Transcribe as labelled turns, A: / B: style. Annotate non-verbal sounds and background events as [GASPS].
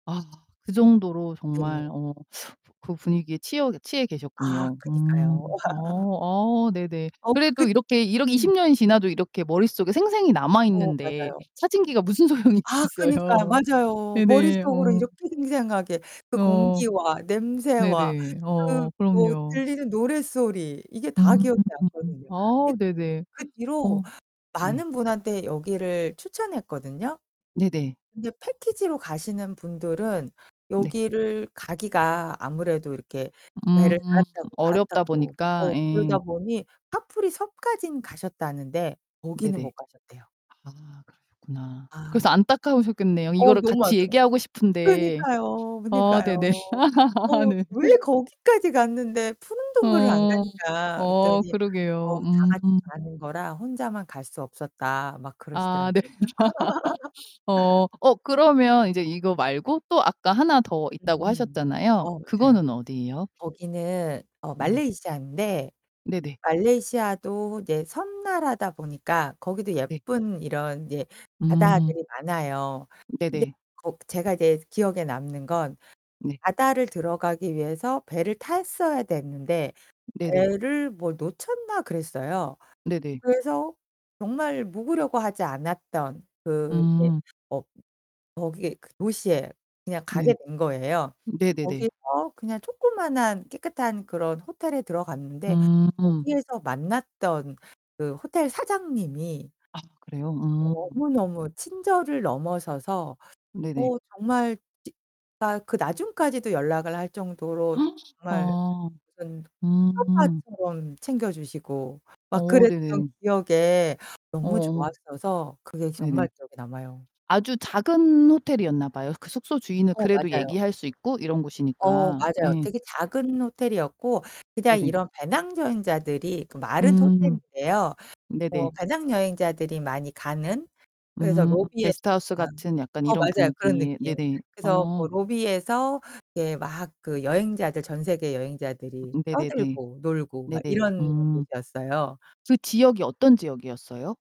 A: 아 그 정도로 정말
B: 네.
A: 어 그 분위기에 치여 취해
B: 아
A: 계셨군요.
B: 그니까요.
A: 음. 어.
B: [LAUGHS]
A: 어 네네.
B: 어 그
A: 그래도 이렇게 이러 20
B: 음.
A: 년이 지나도 이렇게 머릿속에 생생히
B: 어
A: 남아있는데
B: 맞아요.
A: 사진기가 무슨 소용이
B: 아 그니까요.
A: 있겠어요.
B: 맞아요.
A: 네네.
B: 머릿속으로
A: 어.
B: 이렇게 생생하게 그
A: 어.
B: 공기와 냄새와
A: 네네.
B: 그
A: 어
B: 뭐
A: 그럼요.
B: 들리는 노랫소리 이게 다
A: 음.
B: 기억에 남거든요. 이
A: 아
B: 그
A: 네네.
B: 그
A: [GASPS]
B: 뒤로
A: 어 네.
B: 많은 분한테 여기를 추천했거든요.
A: 네네.
B: 근데 패키지로 가시는 분들은
A: 네.
B: 여기를 가기가 아무래도 이렇게 배를
A: 음.
B: 갈아타고,
A: 어렵다
B: 갈아타고
A: 보니까.
B: 어 그러다
A: 예.
B: 보니 카프리 섬까지는 가셨다는데 거기는
A: 네네.
B: 못 가셨대요.
A: 아 그러셨구나.
B: 아.
A: 그래서 안타까우셨겠네요,
B: 어
A: 이거를
B: 너무
A: 같이
B: 많더라
A: 얘기하고 싶은데
B: 그러니까요.
A: 어 네네.
B: 그러니까요.
A: [LAUGHS]
B: 어
A: 네.
B: "왜 거기까지 갔는데 푸른 동굴을 안
A: 어
B: 갔냐?"
A: 어,
B: 그랬더니 "어
A: 그러게요.
B: 다
A: 음.
B: 같이 가는 거라 혼자만 갈 수 없었다." 막
A: 아 네.
B: 그러시더라고요. [LAUGHS]
A: [LAUGHS] 어, 어 그러면 인제 이거 말고 또 아까 하나 더 있다고
B: 음.
A: 하셨잖아요.
B: 어 맞아요.
A: 그거는 어디예요?
B: 거기는 어
A: 네네.
B: 말레이시아인데
A: 네네.
B: 말레이시아도 이제 섬나라다 보니까 거기도
A: 네.
B: 예쁜 이런 이제
A: 음.
B: 바다들이 많아요. 근데
A: 네네.
B: 거 제가 이제 기억에 남는 건
A: 네.
B: 바다를 들어가기 위해서 배를 탔어야 됐는데
A: 네네.
B: 배를 뭐 놓쳤나 그랬어요.
A: 네네.
B: 그래서 정말 묵으려고 하지 않았던 그 이제
A: 음.
B: 어 거기에 그 도시에 그냥 가게
A: 네.
B: 된 거예요. 근데
A: 네네네.
B: 거기서 그냥 조그마한 깨끗한 그런 호텔에 들어갔는데
A: 음.
B: 거기에서 만났던 그 호텔 사장님이
A: 아 그래요? 음.
B: 너무너무 친절을 넘어서서
A: 네네.
B: 어 정말 진짜 그 나중까지도 연락을 할 정도로
A: [GASPS]
B: 정말
A: 아.
B: 무슨
A: 음.
B: 친오빠처럼 챙겨 주시고 막
A: 어
B: 그랬던
A: 네네.
B: 기억에 너무
A: 어어.
B: 좋았어서 그게 정말
A: 네네.
B: 기억에 남아요.
A: 아주 작은 호텔이었나 봐요. 그 숙소 주인은
B: 어
A: 그래도
B: 맞아요.
A: 얘기할 수 있고 이런
B: 어
A: 곳이니까.
B: 맞아요.
A: 예.
B: 되게 작은 호텔이었고 그냥
A: 네네.
B: 이런 배낭 여행자들이 그 말은
A: 음.
B: 호텔인데요.
A: 네네.
B: 뭐 배낭 여행자들이 많이 가는 그래서
A: 음
B: 로비에서
A: 게스트하우스
B: 방
A: 같은 약간
B: 어
A: 이런
B: 맞아요 그런
A: 분위기에
B: 느낌.
A: 네네.
B: 그래서
A: 어.
B: 뭐 로비에서 이렇게 막 그 여행자들, 전 세계 여행자들이
A: 음 네네네.
B: 떠들고 놀고 막
A: 네네.
B: 이런
A: 음.
B: 곳이었어요.
A: 그 지역이 어떤 지역이었어요?